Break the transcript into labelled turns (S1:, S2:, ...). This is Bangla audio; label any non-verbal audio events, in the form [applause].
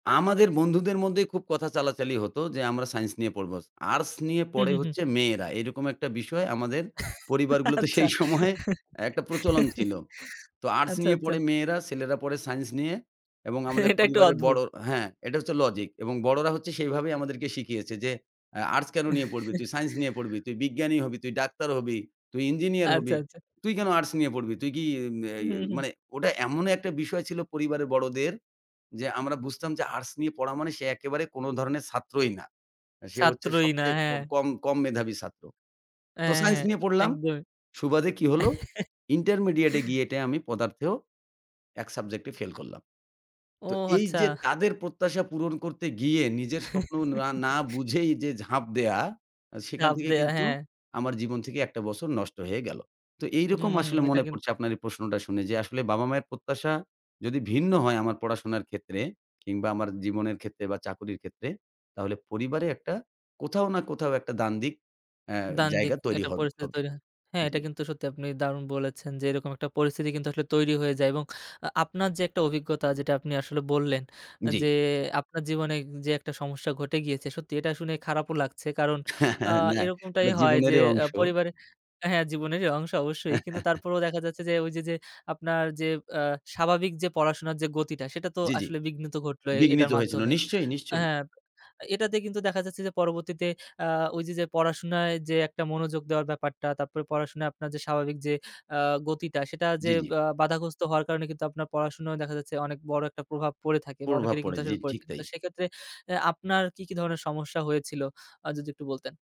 S1: আমাদের বন্ধুদের মধ্যেই খুব কথা চালাচালি হতো যে আমরা সায়েন্স নিয়ে পড়বো। আর্টস নিয়ে
S2: হু,
S1: পড়ে
S2: হু, হুম।
S1: হচ্ছে মেয়েরা। এরকম একটা বিষয় আমাদের পরিবারগুলোতে
S2: আচ্ছা।
S1: সেই সময়ে একটা প্রচলন ছিল।
S2: [chuckles]
S1: তো আর্টস
S2: আচ্ছা,
S1: নিয়ে
S2: আচ্ছা।
S1: পড়ে মেয়েরা ছেলেরা পড়ে সায়েন্স নিয়ে এবং আমাদের
S2: এটা একটু
S1: পরিবারের
S2: অদ্ভুত।
S1: বড়ো হ্যাঁ, এটা হচ্ছে লজিক এবং বড়োরা হচ্ছে সেইভাবেই আমাদেরকে শিখিয়েছে যে, আ আর্টস কেনো নিয়ে পড়বি? তুই সাইন্স নিয়ে পড়বি,
S2: [chuckles]
S1: তুই বিজ্ঞানী হবি, তুই ডাক্তার হবি, তুই ইঞ্জিনিয়ার
S2: আচ্ছা,
S1: হবি।
S2: আচ্ছা।
S1: তুই কেনো আর্টস নিয়ে পড়বি? তুই কি ই
S2: উ
S1: ই
S2: হু, হু।
S1: মানে ওটা এমন একটা বিষয় ছিল পরিবারের বড়দের। যে আমরা বুঝতাম যে আর্টস নিয়ে পড়া মানে সে একেবারে কোনো ধরনের ছাত্রই না। সে হচ্ছে
S2: ছাত্রই না
S1: সবচেয়ে
S2: হ্যাঁ।
S1: কম কম মেধাবী ছাত্র। তো
S2: হ্যাঁ,
S1: সাইন্স
S2: হ্যাঁ,
S1: নিয়ে পড়লাম।
S2: একদম।
S1: সুবাদে কি হলো ইন্টারমিডিয়েট এ গিয়ে টে
S2: [chuckles]
S1: আমি পদার্থেও ১ সাবজেক্ট এ ফেইল করলাম।
S2: ও
S1: তো
S2: আচ্ছা।
S1: এইযে তাদের প্রত্যাশা পূরণ করতে গিয়ে নিজের স্বপ্ন না না
S2: [chuckles]
S1: বুঝেই যে ঝাঁপ দেয়া সেখান
S2: চাপ
S1: থেকে
S2: দেওয়া
S1: কিন্তু
S2: হ্যাঁ।
S1: আমার জীবন থেকে একটা বছর নষ্ট হয়ে গেলো। তো এইরকম
S2: হুম,
S1: আসলে
S2: এটা
S1: মনে
S2: কিন্তু
S1: পড়ছে আপনার এই প্রশ্নটা শুনে যে আসলে বাবা-মায়ের প্রত্যাশা যদি ভিন্ন হয় আমার পড়াশোনার ক্ষেত্রে কিংবা আমার জীবনের ক্ষেত্রে বা চাকরির ক্ষেত্রে তাহলে পরিবারে একটা কোথাও না কোথাও একটা দ্বান্দ্বিক আ
S2: দ্বান্দ্বিক
S1: জায়গা তৈরি
S2: একটা
S1: হ
S2: পরিস্থিতি
S1: হবে।
S2: তৈরি হয়। হ্যাঁ,
S1: জি।
S2: এটা কিন্তু সত্যি আপনি দারুণ বলেছেন, যে এরকম একটা পরিস্থিতি কিন্তু আসলে তৈরি হয়ে যায় এবং আ আপনার যে একটা অভিজ্ঞতা যেটা আপনি আসলে বললেন আ
S1: জ্বি।
S2: যে আপনার জীবনে যে একটা সমস্যা ঘটে গিয়েছে সত্যি এটা শুনে খারাপও লাগছে, কারণ
S1: হ্যাঁ,
S2: আ
S1: হ্যাঁ, না,
S2: এরকমটাই
S1: এটা
S2: হয় যে
S1: জীবনেরই
S2: আ
S1: অংশ।
S2: পরিবারে হ্যাঁ জীবনেরই অংশ অবশ্যই। কিন্তু
S1: [chuckles]
S2: তারপরেও দেখা যাচ্ছে যে ওইযে যে আপনার যে আ স্বাভাবিক যে পড়াশোনার যে গতিটা সেটা তো
S1: জ্বি, জ্বি।
S2: আসলে বিঘ্নিত ঘটলো এটার
S1: বিঘ্নিত হয়েছিল।
S2: মাধ্যমে
S1: নিশ্চয়ই, নিশ্চয়ই।
S2: হ্যাঁ এটাতে কিন্তু দেখা যাচ্ছে যে পরবর্তীতে আ ওইযে যে পড়াশোনায় যে একটা মনোযোগ দেওয়ার ব্যাপারটা তারপরে পড়াশোনায় আপনার যে স্বাভাবিক যে আ গতিটা সেটা যে
S1: জ্বি, জ্বি।
S2: বা বাধাগ্রস্থ হওয়ার কারণে কিন্তু আপনার পড়াশোনা দেখা যাচ্ছে অনেক বড় একটা প্রভাব পড়ে থাকে বা
S1: প্রভাব
S2: অনেকেরই
S1: পড়ে,
S2: কিন্তু
S1: জি,
S2: আসলে পড়ে
S1: ঠিক
S2: থাকে।
S1: তাই।
S2: তো সেক্ষেত্রে আ আপনার কি, কি ধরণের সমস্যা হয়েছিল আ যদি একটু বলতেন?